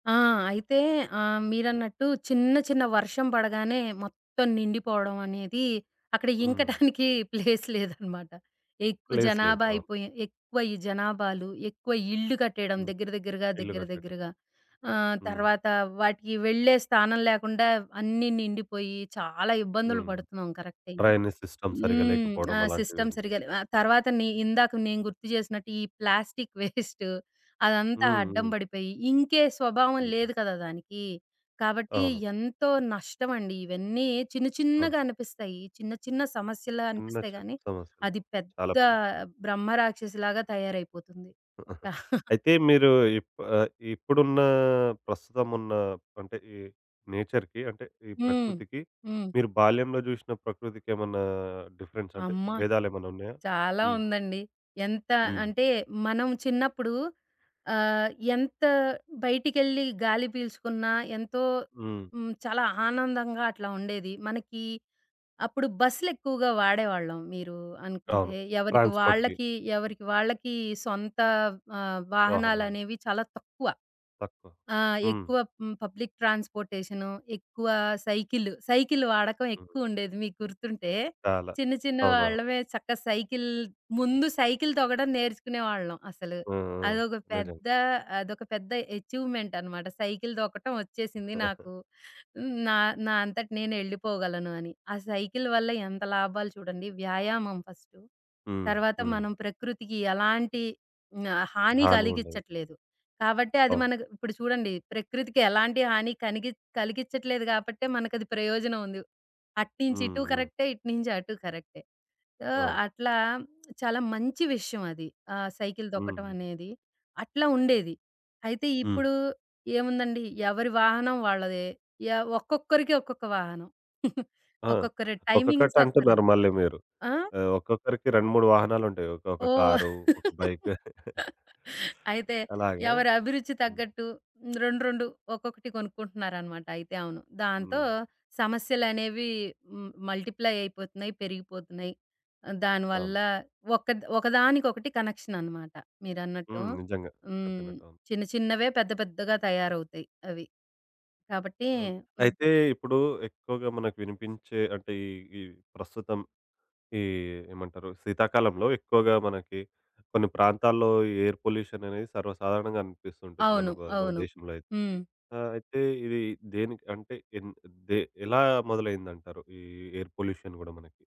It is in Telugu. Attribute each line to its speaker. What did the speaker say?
Speaker 1: ఆ! అయితే ఆహ్, మీరన్నట్టు చిన్న, చిన్న వర్షం పడగానే మొత్తం నిండిపోవడవనేది, అక్కడ
Speaker 2: హ్మ్.
Speaker 1: ఇంకటానికి ప్లేస్ లేదనమాట. ఎక్కువ
Speaker 2: ప్లేస్ లేదు.
Speaker 1: జనాభా
Speaker 2: అవును.
Speaker 1: అయిపోయి, ఎక్కువ ఈ జనాభాలు, ఎక్కువ ఇల్లు కట్టేయడం
Speaker 2: హ్మ్.
Speaker 1: దగ్గర దగ్గరగా,
Speaker 2: ఇల్లు
Speaker 1: దగ్గర
Speaker 2: కట్టటం.
Speaker 1: దగ్గరగా, ఆహ్,
Speaker 2: హ్మ్.
Speaker 1: తర్వాతా వాటికి వెళ్ళే స్థానం లేకుండా వ్ అన్నీ నిండిపొయ్యీ చాలా ఇబ్బందులు
Speaker 2: హ్మ్.
Speaker 1: పడుతున్నాం కరక్టే.
Speaker 2: డ్రైనేజ్ సిస్టమ్ సరిగ్గా
Speaker 1: హ్మ్. ఆ
Speaker 2: లేకపోడం అలాంటివి
Speaker 1: సిస్టమ్
Speaker 2: ఉంటాయి.
Speaker 1: సరిగ్గా లేవు. ఆహ్, తర్వాతని ఇందాక నేను గుర్తు చేసినట్టు, ఈ ప్లాస్టిక్ వేస్ట్, అదంతా
Speaker 2: హ్మ్.
Speaker 1: అడ్డం
Speaker 2: హ్మ్.
Speaker 1: బడిపోయి, ఇంకే స్వభావం
Speaker 2: హుహు.
Speaker 1: లేదు కదా దానికీ. కాబట్టీ,
Speaker 2: అవును.
Speaker 1: ఎంతో నష్టమండి. ఇవన్నీ చిన్న
Speaker 2: అవును.
Speaker 1: చిన్నగానిపిస్తాయి చిన్న, చిన్న సమస్యల్లా అనిపిస్తాయి
Speaker 2: ఉండచ్చు
Speaker 1: గానీ,
Speaker 2: సమస్యలు.
Speaker 1: అది
Speaker 2: చాలా
Speaker 1: పెద్దా
Speaker 2: పెదే
Speaker 1: బ్రహ్మ రాక్షసిలాగా తయారైపోతుంది.
Speaker 2: అయితే మీరూ ఇప్ ఆహ్, ఇప్పుడున్నా, ప్రస్తుతమున్నా అంటే, ఈ నేచర్‌కి అంటే, ఈ
Speaker 1: హ్మ్.
Speaker 2: ప్రకృతికి,
Speaker 1: హ్మ్.
Speaker 2: మీరు బాల్యంలో జూషిన ప్రకృతికేమన్నా డిఫరెన్సంటే,
Speaker 1: అమ్మా!
Speaker 2: భేదాలేమన్నున్నాయా?
Speaker 1: చాలా
Speaker 2: హ్మ్.
Speaker 1: ఉందండి. ఎంత
Speaker 2: హ్మ్.
Speaker 1: అంటే, మనం చిన్నప్పుడు ఆహ్, ఎంత బయటికెళ్ళి గాలి పీల్చుకున్నా ఎంతో
Speaker 2: హ్మ్.
Speaker 1: హ్మ్, చాలా ఆనందంగా అట్లా ఉండేది. మనకీ అప్పుడు బస్సులెక్కువుగా వాడేవాళ్ళం. మీరూ అనుకుంటే
Speaker 2: అవును.
Speaker 1: ఎవరికి
Speaker 2: ట్రాన్స్‌పోర్ట్‌కి.
Speaker 1: వాళ్ళకి, ఎవరికి వాళ్ళకీ సొంతా ఆహ్,
Speaker 2: వాహనాలు.
Speaker 1: వాహనాలనేవి చాలా తక్కువ.
Speaker 2: తక్కువ.
Speaker 1: ఆహ్,
Speaker 2: హ్మ్.
Speaker 1: ఎక్కువ మ్ పబ్లిక్ ట్రాన్స్‌పోర్టేషను, ఎక్కువా సైకిల్, సైకిల్ వాడకం
Speaker 2: హ్మ్.
Speaker 1: ఎక్కువుండేది. మీకు గుర్తుంటే,
Speaker 2: చాలా.
Speaker 1: చిన్న చిన్న
Speaker 2: అవును. అవును.
Speaker 1: వాళ్ళమే చక్క సైకిల్ ముందు సైకిల్ తొక్కడం నేర్చుకునేవాళ్ళం, అసలు.
Speaker 2: హ్మ్. హ్మ్.
Speaker 1: అదొక
Speaker 2: నిజం.
Speaker 1: పెద్దా అదొక పెద్ద ఎచీవ్‌మెంటనమాట. సైకిల్ తొక్కటవొచ్చేసింది నాకు. నా నా అంతట నేనెళ్ళిపోగలను అని. ఆ సైకిల్ వల్ల ఎంత లాభాలు చూడండి, వ్యాయామం ఫస్టు,
Speaker 2: హ్మ్.
Speaker 1: తర్వాత
Speaker 2: హ్మ్.
Speaker 1: మనం ప్రకృతికి ఎలాంటి ఆహ్, హాని
Speaker 2: హాని ఉండేది.
Speaker 1: కలిగిచ్చట్లేదు. కాబట్టి, అది
Speaker 2: అవును.
Speaker 1: మనకు ఇప్పుడు చూడండి, ప్రకృతికి ఎలాంటి హాని కనిగిచ్ కలిగిచ్చట్లేదు కాబట్టే, మనకది ప్రయోజనవుంది. అటు
Speaker 2: హ్మ్.
Speaker 1: నించిటూ
Speaker 2: హ్మ్.
Speaker 1: కరక్టే, ఇటు నించటూ కరక్టే. ఆహ్,
Speaker 2: అవును.
Speaker 1: అట్లా చాలా మంచి విషయవది. ఆ సైకిల్
Speaker 2: హుహు.
Speaker 1: తొక్కటవనేది, అట్లా ఉండేది. అయితే
Speaker 2: హ్మ్.
Speaker 1: ఇప్పుడూ ఏముందండి, ఎవరి వాహనం వాళ్ళదే ఎవ్ ఒక్కొక్కరికి ఒక్కొక్క వాహనం.
Speaker 2: ఆ!
Speaker 1: ఒక్కొక్కరి టైమింగ్స్ ఒక్కరు
Speaker 2: ఒక్కొక్కటంటున్నారు మళ్ళీ మీరు.
Speaker 1: ఆ?
Speaker 2: ఆహ్, ఒక్కొక్కరికి 2, 3 వాహనాలుంటాయి. ఒక ఒక
Speaker 1: ఓహ్!
Speaker 2: కారు, ఒక బైకు.
Speaker 1: అయితే,
Speaker 2: అలాగా.
Speaker 1: ఎవరభిరుచి
Speaker 2: హ్మ్.
Speaker 1: తగ్గట్టు రెండు, రెండు, ఒక్కొక్కటి కొనుక్కుంటన్నారనమాట అయితే. అవును. దాంతో
Speaker 2: హ్మ్.
Speaker 1: సమస్యలనేవి హ్మ్, మల్టిప్లై అయిపోతున్నాయి, పెరిగిపోతున్నాయి. దాని
Speaker 2: అవును.
Speaker 1: వల్లా ఒక్కద్ ఒక దానికొకటి కనెక్షననమాట మీరన్నట్టు.
Speaker 2: హ్మ్. నిజంగా.
Speaker 1: హ్మ్.
Speaker 2: చెప్పినట్టవును.
Speaker 1: చిన్న చిన్నవే పెద్ద పెద్దగా తయారవుతయి అవి. కాబట్టి
Speaker 2: అవును.
Speaker 1: హ్మ్.
Speaker 2: అయితే, ఇప్పుడూ ఎక్కువగా మనకు వినిపించే అంటే, ఈ ఈ ప్రస్తుతం ఈ ఏమంటరు, శీతాకాలంలో ఎక్కువగా మనకి కొన్ని ప్రాంతాల్లో ఎయిర్ పొల్యూషననేది సర్వసాధారణంగా అనిపిస్తూ ఉంటుంది మన
Speaker 1: అవును,
Speaker 2: బ మన
Speaker 1: అవును.
Speaker 2: దేశంలో అయితే.
Speaker 1: హ్మ్.
Speaker 2: ఆహ్, అయితే ఇదీ దేనికి అంటే, ఎంద్ దే ఎలా మొదలైందంటారు, ఈ ఎయిర్ పొల్యూషన్ గూడా మనకి?